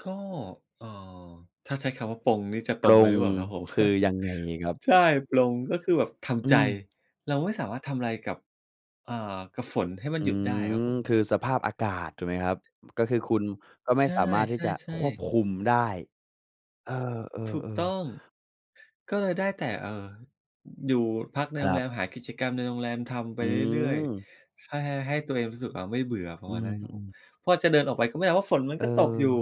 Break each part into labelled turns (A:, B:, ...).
A: ก็ เอ่อ ถ้าใช้คำว่าปลง นี่จะ
B: ป
A: ตร
B: ล
A: งไป
B: ง
A: หรือเปล่าครับผม
B: คือยังไงครับ?
A: ใช่ ปลง ก็คือแบบท
B: อื
A: ำใจ
B: ม
A: เราไม่สามารถทำอะไรกับ อ่า กับฝน ให้มั
B: อ
A: น
B: ื
A: หยุดได้ครับ
B: ม
A: ผม
B: คือสภาพอากาศถูกไหมครับ อ ก็คือคุณก็ไม
A: ใช
B: ่
A: ่
B: สามารถท
A: ใ
B: ี
A: ช
B: ่จะ
A: ่
B: ควบ
A: ๆ
B: คุมได้ เอ
A: ถูก
B: อ
A: ต
B: ๆ
A: ้
B: ๆ
A: อง ก็เลยได้แต่ เอ่อ อยู่พักใน
B: ค
A: โร
B: ร
A: ง
B: ั
A: แร
B: บ
A: ม หากิจกรรมในโรงแรมทำไป
B: อื
A: เรื่อย
B: ม
A: ๆ ถ้า ห ให้ตัวเองรู้สึกว่า ไม่เบื่อ ปร
B: อ
A: ะ
B: ื
A: มาณน
B: ม
A: ั้นครับ
B: อื
A: ผม
B: อ
A: พอจะเดินออกไป ก็ไม่ได้ ว่าฝนมัน
B: เอ
A: ก
B: อ
A: ็ตกอยู่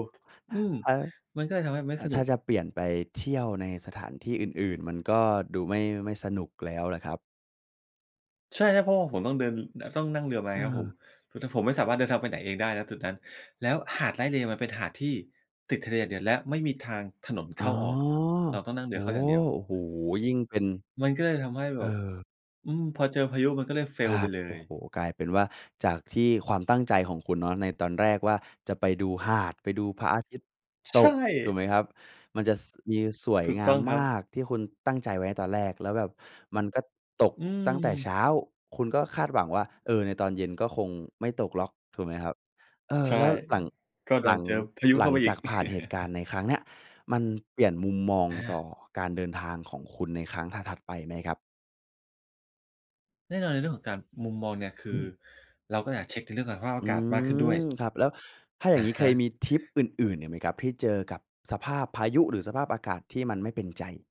A: อืม
B: [unintelligible] อ่า
A: มันก็เลยทำให้ไม่
B: ถ้า
A: ส
B: ถ
A: น
B: ้
A: ุ
B: า
A: ก
B: จะเปลี่ยนไปเที่ยวในสถานที่อื่น ๆ มันก็ดูไม่ ไม่สนุกแล้วล่ะครับ?
A: ใช่ครับ เพราะว่าผมต้องเดิน ต้องนั่งเรือมาครับผม
B: เออ
A: คือ ถ ผมไม่สามารถเดินทางไปไหนเองได้ ณ จุดนั้น แล้วหาดไร่เลย์มันเป็นหาดที่ติดทะเลอย่างเดียว และไม่มีทางถนนเ
B: อ๋
A: ข
B: อ
A: ้าออก เราต้องนั่งเร
B: โอ
A: ื
B: ้!
A: อเข้าอย่างเดียว
B: โอ้โฮ! ยิ่งเป็น
A: มันก็เลยทำให้แ
B: เอ
A: บ
B: อ
A: บ อืม พอเจอพายุมันก็เลย
B: คร
A: Fail ไ
B: ั
A: ป
B: บ
A: เล
B: โอ้
A: ย
B: โฮ! กลายเป็นว่า จากที่ความตั้งใจของคุณเนาะ ในตอนแรกว่า จะไปดูหาด ไปดูพระอาทิตย์
A: ใ
B: ต
A: ช
B: ก ถูก
A: ่
B: ไหมครับ มันจะ ส มีสวย
A: ถูก
B: ง
A: ต
B: า
A: ้
B: ม
A: องคร
B: ม
A: ับ
B: าก ที่คุณตั้งใจไว้ในตอนแรก แล้วแบบมันก็ตก
A: อื
B: ตั้งแต่เช้
A: ม
B: า คุณก็คาดหวังว่า เออ ในตอนเย็นก็คงไม่ตกหรอก ถูกไหมครับ เออ
A: ใช่
B: แล้วหลัง
A: ก็ด
B: ห
A: ั
B: ลั
A: น
B: ง
A: เจอพายุ
B: หล
A: เข
B: ั
A: ้า
B: ง
A: ไปอ
B: จ
A: ี
B: า
A: ก
B: กผ่านเหตุการณ์ในครั้งเนี้ย มันเปลี่ยนมุมมอง
A: อ
B: ต่อ
A: า
B: การเดินทางของคุณในครั้งถัด ๆ ไปไหมครับ?
A: แน่นอน ในเรื่องของการ มุมมองเนี่ย ค
B: อ
A: ื
B: ื
A: อ
B: ม
A: เราก็อยากเช็ก ในเรื่องของสภาพอ
B: อื
A: ากาศมากขึ้นด้วย
B: ม ครับ แล้วถ้าอย่
A: อ
B: าง
A: ะ
B: งี้
A: ฮ
B: เคย
A: ะ
B: มีทริปอื่น ๆ อีกไหมครับ ที่เจอกับสภาพพายุ หรือสภาพอากาศที่มันไม่เป็นใจ?